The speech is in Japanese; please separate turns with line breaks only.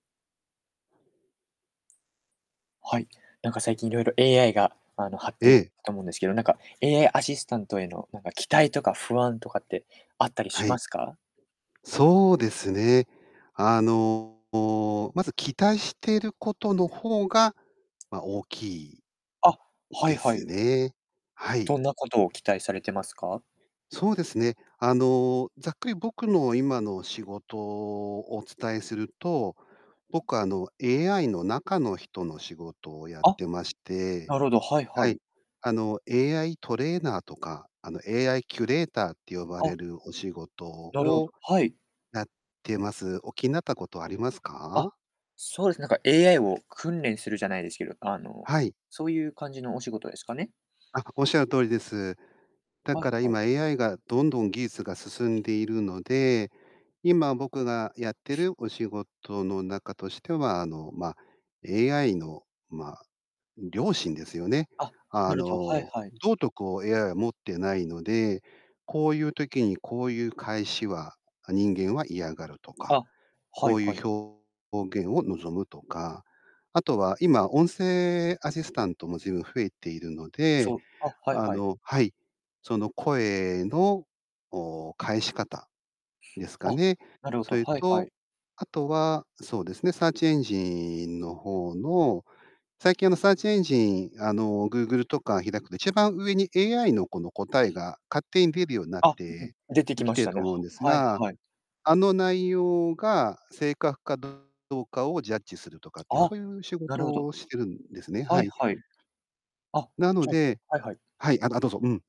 はい。何か、最近いろいろ AI が、あの、発て
ええ。
たと思うんですけど、何か、AI アシスタントへの、何か期待とか不安とかってあったり
は
しま
い。
すか？
そうですね。あの、まず、期待していることのほうが、ま、大きい、
あ、
ん
はい
で
は
す
い。
ね。はい。
どんなことを期待されてますか？
そうですね。あの、ざっくり僕の今の仕事、お伝えすると、僕、あの、AI の中の人の仕事をやっ
あ。
てまして
なるほど、はい
は
は
い。
い。
あの、AI トレーナーとか、あの、AI キュレーターって呼ば
あ。
れるお仕事
なるほ
を
ど。はい。
やってます。お気になったことあります
あ、
か？
そうですね。なんか AI を訓練するじゃないですけど、あの、
はい。
そういう感じのお仕事ですかね？
あ、おっしゃる通りです。だ
はい
から
はい。
今 AI が、どんどん技術が進んでいるので、今僕がやってるお仕事の中としては、あの、まあ、AI の、まあ、良心ですよね。
あ、
あ
なるほど。はい
の、
はい。
道徳を AI は持ってないので、こういう時にこういう返しは、あ、人間は嫌がるとか、
あ、は
こ
い
うい
はい。
う表現を望むとか、あとは今、音声アシスタントも随分増えているので、
そう。あ。はい
あ
はい。
のはい。その声の、おお、返し方、ですか
あ、
ね。
なるほ
そ
ど。
れ
はいは
と、
い。
あとは、そうですね。サーチエンジンの方の最近、あの、サーチエンジン、あの、Google とか開くと一番上に AI のこの答えが勝手に出るようになっ
あ、
て
出てき
き
ま
て
し
る
た
と
ね。は
思うんです
はい
が、
はい。
あの内容が正確かどうかをジャッジするとかっていう、
あ、
そういう仕
な
事
るほど。
をしてるんですね。は
はい
い。
はい。あ、
なの
じゃ
で
はいはい。
はい。ああ、どうぞ。うん。